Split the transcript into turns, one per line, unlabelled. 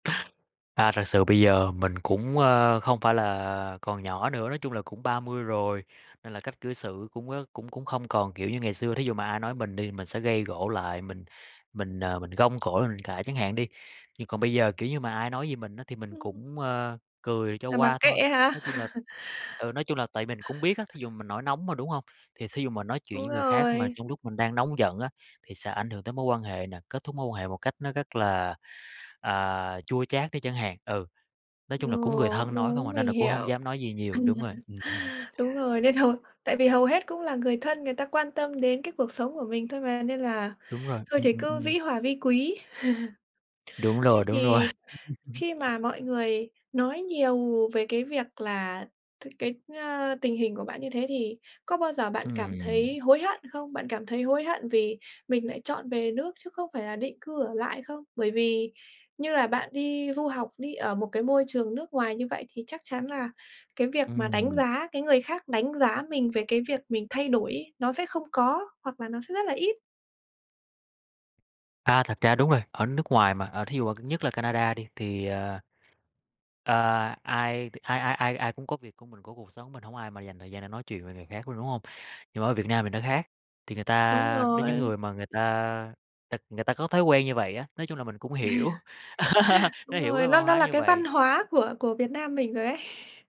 À, thật sự bây giờ mình cũng, ơ, không phải là còn nhỏ nữa, nói chung là cũng 30 rồi, nên là cách cư xử cũng, ơ, cũng cũng không còn, kiểu, như ngày xưa, thí dụ mà ai nói mình đi, mình sẽ gây gổ lại, mình mình, ờ, mình gông cổ lên mình cãi chẳng hạn đi. Nhưng còn bây giờ, kiểu như, mà ai nói gì mình á thì mình
Ừm.
cũng, ơ, cười cho
Là mặc
qua thôi,
kệ
nói
hả?
chung là ừ, nói chung là tại mình cũng biết á, thí dụ mình nổi nóng mà, đúng hông? Thì thí dụ mà nói chuyện
Đúng
với người khác mà
rồi.
trong lúc mình đang nóng giận á, thì sẽ ảnh hưởng tới mối quan hệ nè, kết thúc mối quan hệ một cách nó rất là, à, chua chát đi chẳng hạn, ừ. Nói chung là cũng người
Ồ,
thân nói không
đúng,
à, nên
mình
là cũng hông
hiểu.
dám nói gì nhiều, đúng rồi. Ừm.
Đúng rồi, nên hầu tại vì hầu hết cũng là người thân người ta quan tâm đến cái cuộc sống của mình thôi mà, nên là
Đúng rồi,
thôi
ừm,
thì
ừm,
cứ
ừm.
dĩ hòa vi quý.
Đúng
Thế
rồi, đúng rồi.
thì khi mà mọi người nói nhiều về cái việc là t cái, ơ, tình hình của bạn như thế thì có bao giờ bạn cảm thấy
Ừm.
hối hận không? Bạn cảm thấy hối hận vì mình lại chọn về nước chứ không phải là định cư ở lại không? Bởi vì như là bạn đi du học, đi ở một cái môi trường nước ngoài như vậy thì chắc chắn là cái việc mà đánh
Ừm.
giá cái người khác đánh giá mình về cái việc mình thay đổi ấy nó sẽ không có hoặc là nó sẽ rất là ít.
À, thật ra đúng rồi, ở nước ngoài mà, à, thí dụ mà nhất là Canada đi, thì, à ờ, ai t ai ai ai ai cũng có việc của mình, có cuộc sống mình, hổng có ai mà dành thời gian để nói chuyện về người khác luôn, đúng hông? Nhưng mà ở Việt Nam mình nó khác, thì người
Đúng
ta đến những
rồi.
người mà người ta ta người ta có thói quen như vậy á, nói chung là mình cũng hiểu, nó
Đúng
hiểu
rồi,
cái văn
nó nó
hóa
là
như
cái văn hóa
vậy.
của của Việt Nam mình rồi ấy.